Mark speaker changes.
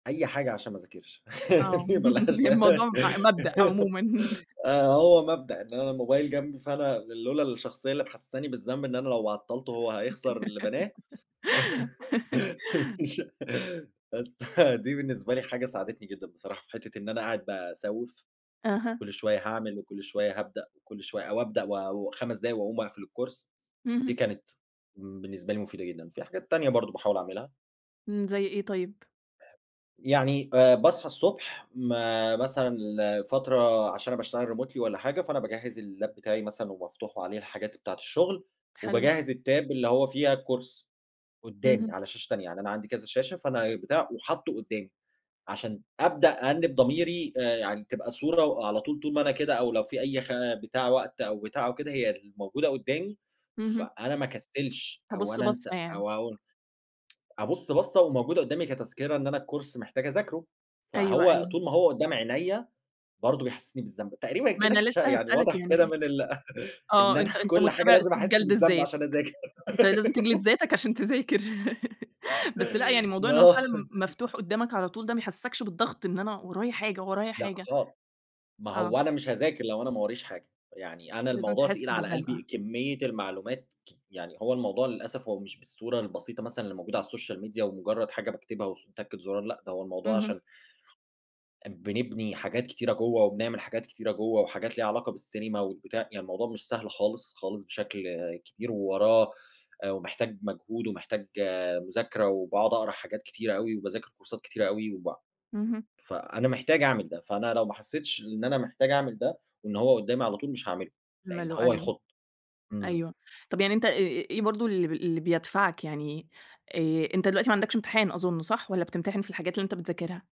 Speaker 1: أي حاجة عشان ما أذاكرش
Speaker 2: آه،
Speaker 1: ما لهاش
Speaker 2: الموضوع ب مبدأ عمومًا.
Speaker 1: آه، هو مبدأ إن أنا الموبايل جنبي، فأنا لولا الشخصية اللي محسساني بالذنب، إن أنا لو عطلته هو هيخسر اللي بناه، مش بس دي بالنسبة لي حاجة ساعدتني جدًا بصراحة، في حتة إن أنا قاعد باسوف،
Speaker 2: أها.
Speaker 1: وكُلّ شوية هاعمل وكُلّ شوية هابدأ وكُلّ شوية أو أبدأ و و5 دقايق وأقوم أقفل الCourse دي
Speaker 2: اهم.
Speaker 1: كانت بالنسبة لي مُفيدة جدًا، في حاجات تانية برضه باحاول أعملها.
Speaker 2: امم، زي إيه طيب؟
Speaker 1: يعني آآ باصحى الصبح، ما مثلًا ال فترة عشان أنا باشتغل Remotely والّا حاجة، فأنا باجهز اللاب بتاعي مثلًا ومفتوح وعليه الحاجات بتاعة الشُغل،
Speaker 2: حلو.
Speaker 1: وباجهز الTab اللي هو فيها الCourse قُدامي
Speaker 2: اهم.
Speaker 1: على شاشة تانية، يعني أنا عندي كذا شاشة، فأنا بتاع وحاطُه قُدامي، عشان أبدأ أأنب ضميري آآ يعني تبقى صورة، وعلى طول طول ما أنا كده أو لو في أي خ بتاع وقت أو بتاع أو كده هي الموجودة قدامي، ف
Speaker 2: اهم.
Speaker 1: أنا ما أكسلش أو
Speaker 2: هابُص
Speaker 1: أنا أنسى
Speaker 2: بَصَّة يعني.
Speaker 1: أو أو أبُص بصة، وموجودة قُدامي كتذكرة إن أنا الCourse محتاج أذاكرُه،
Speaker 2: أيوه،
Speaker 1: فهو
Speaker 2: أيوه.
Speaker 1: طول ما هو قُدام عينيا، برضه بيحسسني بالذنب، تقريبًا
Speaker 2: ما
Speaker 1: كده
Speaker 2: أنا
Speaker 1: أكتش
Speaker 2: لسه
Speaker 1: يعني
Speaker 2: هاسألك
Speaker 1: واضح كده
Speaker 2: يعني
Speaker 1: من ال إن
Speaker 2: آه،
Speaker 1: أنا
Speaker 2: أنت أنت
Speaker 1: كُلّ حاجة
Speaker 2: مُتَّبع
Speaker 1: لازم
Speaker 2: أسلوب
Speaker 1: أحِسّ
Speaker 2: جلد
Speaker 1: بالذنب
Speaker 2: الذّات،
Speaker 1: عشان أذاكر.
Speaker 2: أنت لازم تجلد ذاتك عشان تذاكر. بس لأ، يعني موضوع إن هو
Speaker 1: آه.
Speaker 2: فعلًا م مفتوح قُدّامك على طول ده ما يحسّسكش بالضغط؟ إن أنا ورايا حاجة، ورايا
Speaker 1: لأ،
Speaker 2: حاجة.
Speaker 1: خال ما
Speaker 2: آه.
Speaker 1: هو أنا مش هاذاكر لو أنا ما وراييش حاجة، يعني أنا
Speaker 2: لازم
Speaker 1: الموضوع
Speaker 2: تحِسّ
Speaker 1: تقيل على قلبي،
Speaker 2: بالزَّنقة.
Speaker 1: كمية المعلومات ك يعني هو الموضوع للأسف، هو مش بالصورة البسيطة مثلًا اللي موجودة على الSocial Media ومُجرد حاجة باكتبها، وس وتكة زُرار لأ، ده هو الموضوع
Speaker 2: اهم.
Speaker 1: عشان أ بنبني حاجات كتيرة جوَّا، وبنعمل حاجات كتيرة جوَّا، وحاجات ليها علاقة بالسينما والبتاع يعني الموضوع مش سهل خالص، خالص بشكل كبير، ووراه آآ، ومحتاج مجهود، ومحتاج مذاكرة، وباقعد أقرا حاجات كتيرة أوي، وباذاكر كورسات كتيرة أوي، وب م
Speaker 2: اهم.
Speaker 1: فأنا محتاج أعمل ده، فأنا لو ما حسيتش لإن أنا محتاج أعمل ده، وإن هو قدامي على طول مش هاعمله، لإن
Speaker 2: [unintelligible]
Speaker 1: هو
Speaker 2: أيوه،
Speaker 1: يخض. إمم.
Speaker 2: أيوه، طيب يعني أنت إ إ إيه برضه ال اللي بيدفعك، يعني آآ أنت دلوقتي ما عندكش امتحان أظُنّ صح، والّا بتمتحن في الحاجات اللي أنت بتذاكرها؟